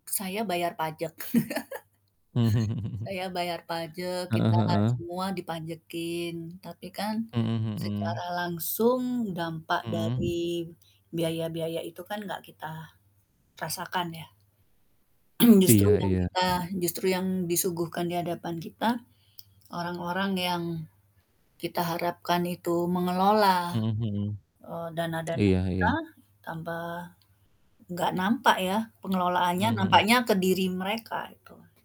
Saya bayar pajek. Saya bayar pajek, Heeh kita heeh. semua dipajekin. Tapi kan, Hmm hmm. secara langsung dampak Hmm. dari biaya-biaya itu kan, nggak kita rasakan, ya. Justru Iya yang iya. kita justru yang disuguhkan di hadapan kita, orang-orang yang kita harapkan itu mengelola, Hmm hmm. eee, dana-dana Iya kita iya. tanpa nggak nampak ya, pengelolaannya, Mhm mhm nampaknya ke diri mereka, itu.